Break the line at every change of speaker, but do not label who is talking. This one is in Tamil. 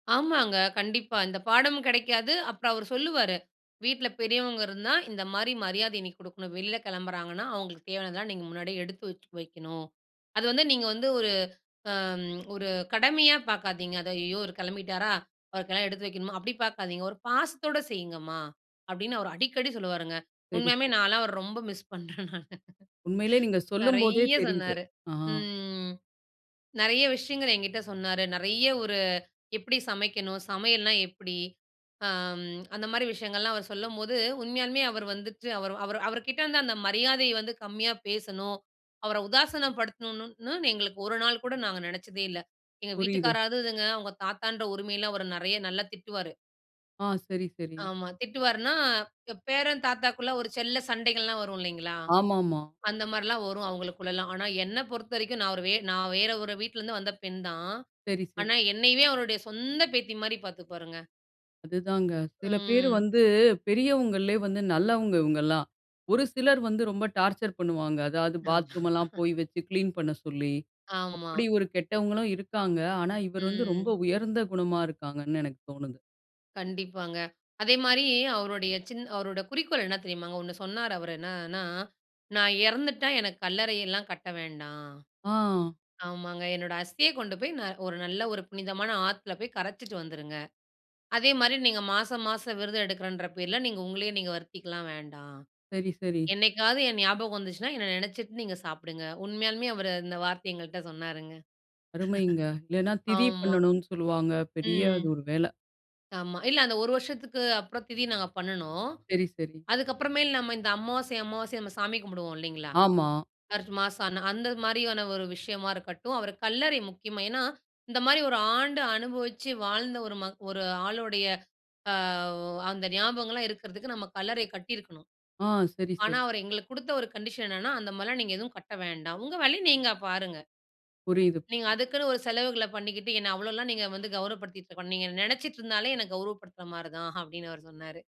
ஆமாங்க! கண்டிப்பா, இந்த பாடமும் கிடைக்காது, அப்புறம் அவரு சொல்லுவாரு, வீட்ல பெரியவங்க இருந்தா, இந்த மாரி மரியாதை நீ குடுக்கணும். வெளில கெளம்புறாங்கன்னா, அவுங்களுக்கு தேவையானதெல்லாம் நீங்க முன்னாடியே எடுத்து வச்சு, வெக்கணும். அது வந்து நீங்க வந்து ஒரு அம் ஒரு கடமையா பார்க்காதீங்க. அது "ஐயய்யோ! இவர் கெளம்பிட்டாரா! அவருக்கெல்லாம் எடுத்து வைக்கணுமா" அப்டி பார்க்காதீங்க. "ஒரு பாசத்தோட செய்யிங்கம்மா" அப்டின்னு அவர் அடிக்கடி சொல்லுவாருங்க.
சரி
உண்மயாமே
சரி.
நான்லா அவர ரொம்ப மிஸ் பண்ணுறேன் நானு.
உண்மயிலேயே நீங்க சொல்லம் போதே
நெறைய
தெரியுது.
சொன்னாரு.
அ, ஆ.
ம். நெறைய விஷயங்கள் என்கிட்ட சொன்னாரு. நெறைய ஒரு எப்டி சமைக்கணும்? சமையல்னா எப்டி? அ, ம். அந்த மாரி விஷயங்கள்லாம் அவர் சொல்லம்போது உண்மயாமே அவரு வந்துட்டு, அவரு அவரு அவருகிட்டே இருந்த அந்த மரியாதைய வந்து கம்மியா பேசணும். அவர உதாசினப்படுத்தணும்னு எங்களுக்கு ஒரு நாள் கூட நாங்க நெனச்சதே இல்ல. எங்க
புரியுது.
வீட்டுக்காராவது இதுங்க, அவங்க தாத்தான்ற உரிமைல அவர நெறைய, நல்லா திட்டுவாரு.
அ, சரி சரி.
ஆமா திட்டுவார்னா. எ, பேரன் தாத்தாக்குள்ள ஒரு செல்ல சண்டைகள்லாம் வரும் இல்லீங்களா?
ஆமாமா.
அந்த மாரில்லாம் வரும் அவங்களுக்குள்லலாம். ஆனா என்ன பொறுத்தவரைக்கும் நான் ஒரு வே நான் வேற ஒரு வீட்ல இருந்து வந்த பெண் தான்,
சரி, சரி.
ஆனா என்னையவே அவருடைய சொந்த பேத்தி மாரி பார்த்துப்பாருங்க.
அதுதாங்க. சில பேரு
ம்.
வந்து பெரியவங்கள்லே வந்து நல்லவங்க இவுங்கல்லாம். ஒரு சிலர் வந்து ரொம்ப டார்ச்சர் பண்ணுவாங்க. அதாவது
ஆமா.
பாத்ரூம் எல்லாம் போய் வைச்சு கிளீன் பண்ண சொல்லி,
ஆமா.
அப்டி ஒரு கெட்டவங்களும் இருக்காங்க. ஆனா இவரு வந்து ரொம்ப
ம்.
உயர்ந்த குணமா இருக்காங்கனு எனக்கு தோணுது.
கண்டிப்பாங்க. அதே மாரி, அவருடைய சின் அவருடைய குறிக்கோள் என்ன தெரியுமாங்க ஒண்ணு சொன்னாரு அவரு. "என்னன்னா நான் இறந்துட்டா எனக்கு கல்லறையெல்லாம் கட்ட வேண்டாம்.
ஆ.
ஆமாங்க என்னோடய அஸ்திய கொண்டு போய் ந ஒரு நல்ல ஒரு புனிதமான ஆத்துல போய் கரைச்சிட்டு வந்துருங்க. அதே மாரி நீங்க மாசம் மாசம் விரதம் எடுக்கறேன்ற பேர்ல, நீங்க உங்களையே நீங்க வருத்திக்கலாம் வேண்டா.
சரி சரி.
என்னைக்காவது என் ஞாபகம் வந்துச்சுனா, என்ன நெனைச்சிட்டு நீங்க சாப்பிடுங்க" உண்மயாலுமே அவர் அந்த வார்த்தை எங்கள்ட்ட சொன்னாருங்க.
அருமைங்க! இல்லன்னா திதி
ஆமா.
பண்ணணுன்னு சொல்லுவாங்க, பெரிய
ம்
அது ஒரு வேல.
ஆமா இல்ல அந்த 1 வருஷத்துக்கு அப்புறம் திதி நாங்க பண்ணுனோம்.
சரி சரி.
அதுக்கப்புறமேல் நம்ம இந்த அமாவாசை அமாவாசை நம்ம சாமி கும்பிடுவோம் இல்லீங்களா?
ஆமா.
சர்ச் மாஸ்சான அந்த மாரியான ஒரு விஷயமா இருக்கட்டும் அவர கல்லறை முக்கியமா ஏன்னா இந்த மாரி ஒரு ஆண்டு, அனுபவிச்சு வாழ்ந்த ஒரு ம ஒரு ஆளுடைய ஆ ஒ அந்த ஞாபகங்கள்லாம் இருக்கறதுக்கு நம்ம கல்லறை கட்டியிருக்கணும்.
அ, சரி,
ஆனா
சரி.
அவரு எங்களுக்கு குடுத்த ஒரு கண்டிஷன் என்னன்னா அந்த மாரில்லாம் நீங்க எதுவும் கட்ட வேண்டாம். உங்க வேலைய, நீங்க பாருங்க.
புரியுது.
நீங்க அதுக்குன்னு ஒரு செலவுகள பண்ணிக்கிட்டு என்ன அவ்ளோலாம் நீங்க வந்து கௌரப்படுத்திக்கிட்டு இருக்க வேணா, நீங்க என்ன நெனைச்சிட்டு இருந்தாலே என்ன கௌரப்படுத்துற மாரி தான். அப்டின்னு அவரு சொன்னாரு.